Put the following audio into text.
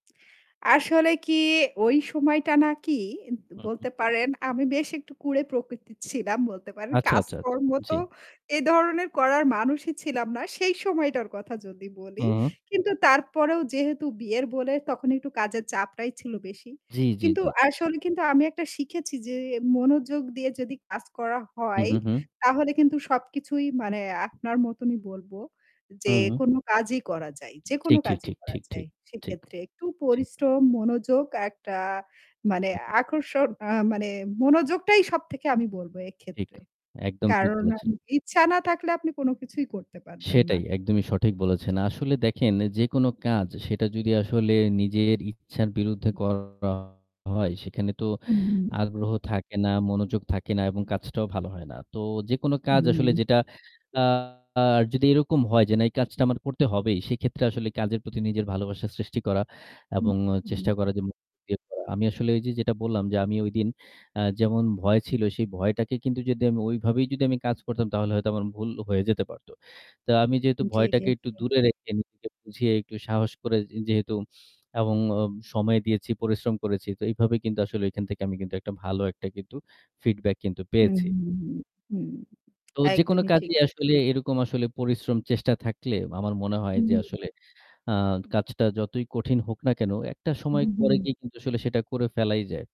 আসলে কি ওই সময়টা নাকি এদ হুম, হুম। বলতে পারেন আমি বেশ একটু কুড়ে প্রকৃতির ছিলাম বলতে পারেন। আচ্ছা, আচ্ছা, আচ্ছা। কাজকর্ম তো জ্বি। এ ধরনের করার মানুষই ছিলাম না সেই সময়টার কথা যদি বলি। হুম। কিন্তু তারপরেও যেহেতু বিয়ের বলে তখন একটু কাজের চাপটাই ছিল বেশি। জি, জি, কিন্তু জি, জি। আসলে কিন্তু আমি একটা শিখেছি যে মনোযোগ দিয়ে যদি কাজ করা হু, হয় হু, হুম। তাহলে কিন্তু সবকিছুই মানে আপনার মতনই বলব যে হুম। কোনো কাজই করা যায় যেকোনো ঠিক, ঠিক, কাজই ঠিক, করা ঠিক, যায়। ঠিক। ঠিক। সেক্ষেত্রে একটু ঠিক। পরিশ্রম, মনোযোগ একটা মানে আকর্ষণ আ মানে মনোযোগটাই সবথেকে আমি বলব ঠিক। এক্ষেত্রে। একদম ঠিক কারণ বলেছেন। আমি ইচ্ছা না থাকলে আপনি কোনো কিছুই করতে পারবেন না। সেটাই একদমই সঠিক বলেছেন। আসলে দেখেন যেকোনো কাজ সেটা যদি আসলে নিজের ইচ্ছার বিরুদ্ধে করা হয় সেখানে তো হুম। আগ্রহ থাকে না, মনোযোগ থাকে না এবং কাজটাও ভালো হয় না। তো যেকোনো কাজ আসলে হুম। যেটা আ যদি এরকম হয় যে না এই কাজটা আমার করতে হবেই সেক্ষেত্রে আসলে কাজের প্রতি নিজের ভালোবাসা সৃষ্টি করা হু, এবং চেষ্টা হুম। করা যে [unintelligible] আমি আসলে ওইযে যেটা বললাম যে আমি ওইদিন আ যেমন ভয় ছিল সেই ভয়টাকে কিন্তু যদি আমি ওইভাবেই যদি আমি কাজ করতাম তাহলে হয়তো আমার ভুল হয়ে যেতে পারত। তো আমি যেহেতু জি, জি, জি। ভয়টাকে একটু দূরে উ রেখে নিজেকে বুঝিয়ে একটু সাহস করে যেহেতু এবং ও সময় দিয়েছি, পরিশ্রম করেছি তো এভাবে কিন্তু আসলে এখান থেকে আমি কিন্তু একটা ভালো একটা কিন্তু feedback কিন্তু হুম, পেয়েছি। হুম, হুম, হুম। তো যেকোনো একদমই ঠিক। কাজেই আসলে এরকম আসলে পরিশ্রম চেষ্টা থাকলে আমার মনে হয় হুম, যে হুম। আসলে আ কাজটা যতই কঠিন হোক না কেনো একটা সময় হু, পরে হুম। গিয়ে কিন্তু আসলে সেটা করে ফেলাই যায়।